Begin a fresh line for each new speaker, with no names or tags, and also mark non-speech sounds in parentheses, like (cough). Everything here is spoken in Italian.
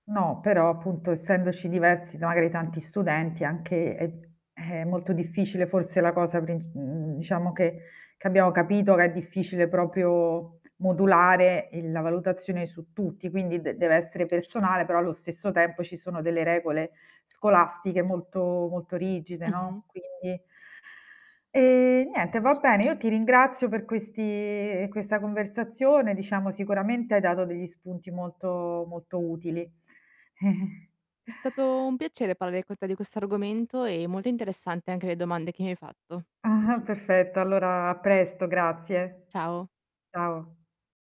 No, però, appunto essendoci diversi da magari tanti studenti è anche è è molto difficile forse la cosa princ mhmm, diciamo che che abbiamo capito che è difficile proprio modulare, ehm, la valutazione su tutti, quindi dev deve essere personale però allo stesso tempo ci sono delle regole scolastiche molto, molto rigide,
Mh-mh.
no, quindi E niente, va bene, io ti ringrazio per questi questa conversazione, diciamo sicuramente hai dato degli spunti molto molto utili. (chuckles)
È stato un piacere parlare con te di questo argomento, e molto interessante anche le domande che mi hai fatto.
Ah-ah. Perfetto, allora a presto grazie.
Ciao.
Ciao.